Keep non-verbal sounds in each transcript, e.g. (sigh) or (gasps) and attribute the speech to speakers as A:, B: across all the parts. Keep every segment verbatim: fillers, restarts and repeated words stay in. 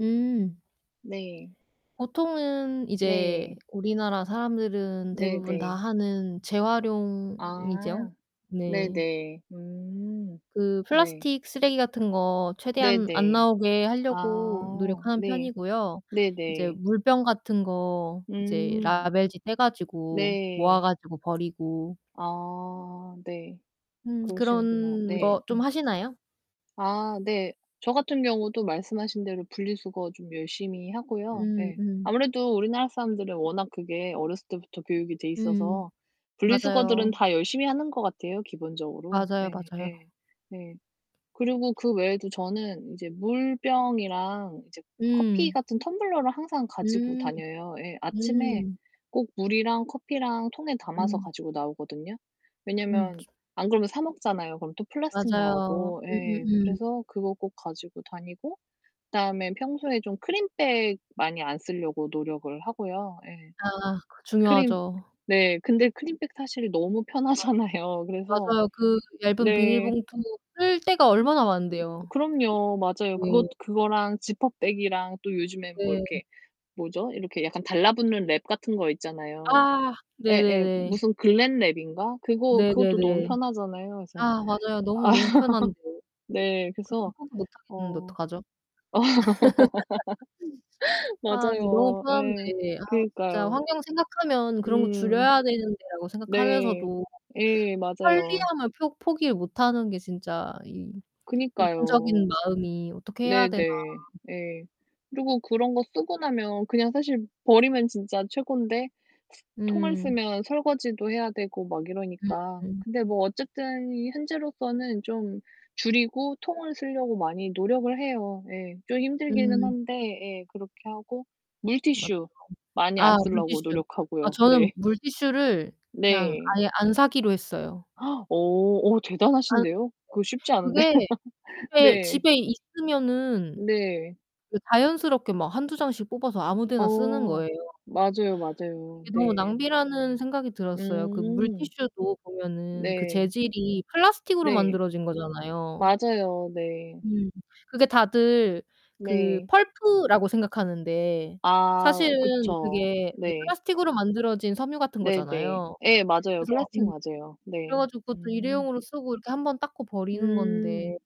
A: 음.
B: 네.
A: 보통은 이제
B: 네.
A: 우리나라 사람들은 대부분 다
B: 네네.
A: 하는 재활용이죠.
B: 아
A: 네.
B: 네네. 음
A: 그
B: 네.
A: 플라스틱 쓰레기 같은 거 최대한 안
B: 네네.
A: 나오게 하려고
B: 아
A: 노력하는
B: 네.
A: 편이고요. 이제
B: 네네.
A: 물병 같은 거 이제
B: 음.
A: 라벨지 떼 가지고 모아
B: 네.
A: 가지고 버리고
B: 아, 네.
A: 음
B: 그러시는구나.
A: 그런
B: 네,
A: 거 좀
B: 음.
A: 하시나요?
B: 아 네. 저 같은 경우도 말씀하신 대로 분리 수거 좀 열심히 하고요.
A: 음,
B: 예.
A: 음.
B: 아무래도 우리나라 사람들은 워낙 그게 어렸을 때부터 교육이 돼
A: 음
B: 있어서 분리 수거들은
A: 맞아요.
B: 다 열심히 하는 것 같아요, 기본적으로.
A: 맞아요, 맞아요.
B: 예예. 네. 그리고 그 외에도 저는 이제 물병이랑 이제 커피
A: 음.
B: 같은 텀블러를 항상 가지고
A: 음
B: 다녀요. 예, 아침에
A: 음.
B: 꼭 물이랑 커피랑 통에 담아서
A: 음.
B: 가지고 나오거든요.
A: 음
B: 왜냐면
A: 주
B: 안 그러면 사 먹잖아요. 그럼 또 플라스틱
A: 맞아요.
B: 나오고, 예,
A: 음음음.
B: 그래서 그거 꼭 가지고 다니고, 그다음에 평소에 좀 크린백 많이 안 쓰려고 노력을 하고요, 예.
A: 아 그
B: 크린
A: 중요하죠.
B: 네. 근데 크린백 사실 너무
A: 맞
B: 편하잖아요. 그래서
A: 맞아요. 그 얇은 비닐
B: 네.
A: 봉투 쓸 데가 얼마나 많은데요.
B: 그럼요. 맞아요. 그것
A: 네.
B: 그거랑 지퍼백이랑 또 요즘에 뭐
A: 네.
B: 이렇게 뭐죠? 이렇게 약간 달라붙는 랩 같은 거 있잖아요.
A: 아,
B: 예예.
A: 네네네.
B: 무슨 글랜 랩인가? 그거 그것도 너무
A: 네네네.
B: 편하잖아요. 그래서
A: 아 맞아요. 너무,
B: 아
A: 너무 편한데.
B: (laughs) 네,
A: 그거
B: 그래서
A: 포기 못하겠는데
B: 어.
A: 어떡하죠?
B: (laughs)
A: (laughs) 아 근데 너무
B: 맞아요. 예.
A: 편한데 아 진짜
B: 그니까요.
A: 환경 생각하면 '그런 거
B: 음.
A: 줄여야 되는데.'라고
B: 네.
A: 생각하면서도
B: 예, 맞아요.
A: 편리함을 표 포기를 못하는 게 진짜 이
B: 그니까요.
A: 이중적인 마음이 어떻게 해야 되나.
B: 네네. 예. 그리고 그런 거 쓰고 나면 그냥 사실 버리면 진짜 최곤데 통을
A: 음.
B: 쓰면 설거지도 해야 되고 막 이러니까.
A: 음.
B: 근데 뭐 어쨌든 현재로서는 좀 줄이고 통을 쓰려고 많이 노력을 해요. 예, 좀 힘들기는
A: 음.
B: 한데, 예, 그렇게 하고.
A: 맞죠.
B: 물티슈 많이 안
A: 아
B: 쓰려고
A: 물티슈. 아
B: 노력하고요,
A: 저는
B: 네.
A: 물티슈를 그냥
B: 네.
A: 아예 안 사기로 했어요.
B: (gasps) 어 어
A: 안
B: 대단하신데요?
A: 네.
B: 그거 쉽지 않은데.
A: 그게
B: (laughs)
A: 집에
B: 네.
A: 집에 있으면은
B: 네.
A: 그 자연스럽게 막 한두 장씩 뽑아서 아무 데나 쓰는
B: 어
A: 거예요.
B: 맞아요, 맞아요.
A: 이게 너무
B: 네.
A: 낭비라는 생각이 들었어요. 그
B: 음.
A: 물티슈도 보면은 그
B: 네.
A: 재질이 플라스틱으로
B: 네.
A: 만들어진 거잖아요.
B: 맞아요, 네.
A: 음. 그게 다들 그
B: 네.
A: 펄프라고 생각하는데
B: 아
A: 사실은
B: 그쵸.
A: 그게 그
B: 네.
A: 플라스틱으로 만들어진 섬유 같은
B: 네네.
A: 거잖아요.
B: 예, 맞아요.
A: 그래서
B: 플라스틱
A: 음
B: 맞아요.
A: 그래
B: 네.
A: 가지고 그것도
B: 음.
A: 일회용으로 쓰고 이렇게 한 번 닦고 버리는 건데
B: 음,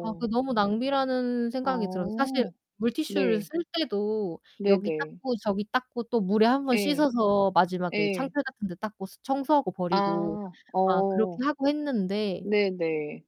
A: 아 그 너무 낭비라는
B: 아.
A: 생각이 들어서 사실
B: 어,
A: 물티슈를
B: 네.
A: 쓸 때도 여기
B: 네네.
A: 닦고 저기 닦고 또 물에 한 번
B: 예.
A: 씻어서 마지막에
B: 예.
A: 창틀 같은 데 닦고 청소하고 버리고
B: 아
A: 막 그렇게
B: 어.
A: 하고 했는데
B: 네네.